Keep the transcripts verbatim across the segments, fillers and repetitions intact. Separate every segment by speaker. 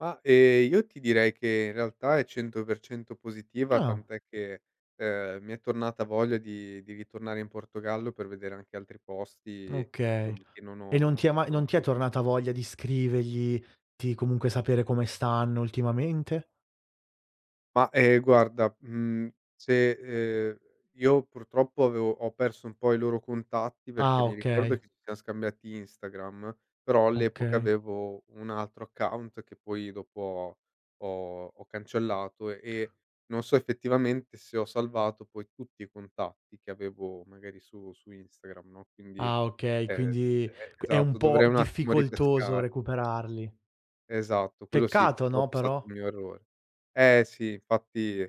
Speaker 1: Ma, ehm, io ti direi che in realtà è cento per cento positiva,
Speaker 2: Ah.
Speaker 1: tant'è che, ehm, mi è tornata voglia di di ritornare in Portogallo, per vedere anche altri posti,
Speaker 2: Okay.
Speaker 1: insomma, che non
Speaker 2: E non
Speaker 1: ho
Speaker 2: ti è ma
Speaker 1: non
Speaker 2: non
Speaker 1: ho
Speaker 2: ti è
Speaker 1: visto.
Speaker 2: tornata voglia di scrivergli, di comunque sapere come stanno ultimamente?
Speaker 1: Ma, ehm, guarda, mhmm, se, ehm, io purtroppo avevo ho perso un po' i loro contatti, perché
Speaker 2: Ah,
Speaker 1: mi
Speaker 2: okay.
Speaker 1: ricordo che ci siam scambiati Instagram, però all'epoca
Speaker 2: Okay.
Speaker 1: avevo un altro account, che poi dopo ho ho ho cancellato, e non so effettivamente se ho salvato poi tutti i contatti che avevo magari su -su Instagram, no, quindi,
Speaker 2: Ah okay,
Speaker 1: ehm,
Speaker 2: quindi
Speaker 1: e
Speaker 2: q è un
Speaker 1: esatto
Speaker 2: po'
Speaker 1: dovrei un attimo
Speaker 2: difficoltoso
Speaker 1: ripescare.
Speaker 2: recuperarli.
Speaker 1: Esatto, quello sì,
Speaker 2: Peccato,
Speaker 1: purtroppo
Speaker 2: no,
Speaker 1: è stato un
Speaker 2: però?
Speaker 1: mio errore. Eh, sì infatti,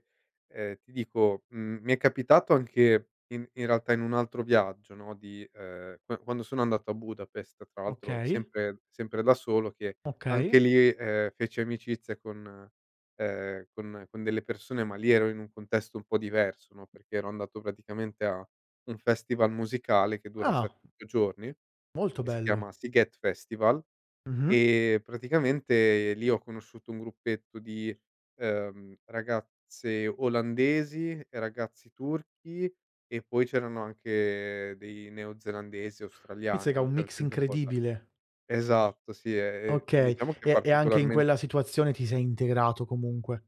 Speaker 1: ehm, ti dico, mhmm, mi è capitato anche in in realtà in un altro viaggio, no, di ehm, q quando sono andato a Budapest, tra l'altro
Speaker 2: Okay.
Speaker 1: sempre sempre da solo, che anche
Speaker 2: Okay.
Speaker 1: lì, ehm, feci amicizia con, ehm, con con delle persone, ma lì ero in un contesto un po' diverso, no, perché ero andato praticamente a un festival musicale, che dura
Speaker 2: Ah.
Speaker 1: sette otto giorni,
Speaker 2: Molto
Speaker 1: che si chiama
Speaker 2: bello.
Speaker 1: Sziget Festival,
Speaker 2: Mh-mh.
Speaker 1: e praticamente lì ho conosciuto un gruppetto di, ehm, ragazze olandesi e ragazzi turchi e poi c'erano anche dei neozelandesi e australiani,
Speaker 2: Mizzica,
Speaker 1: no,
Speaker 2: un
Speaker 1: c'era
Speaker 2: mix
Speaker 1: gente un po' da
Speaker 2: incredibile.
Speaker 1: esatto, sì, ehm,
Speaker 2: Okay,
Speaker 1: diciamo che è
Speaker 2: e e anche in quella
Speaker 1: particolarmente
Speaker 2: situazione ti sei integrato comunque.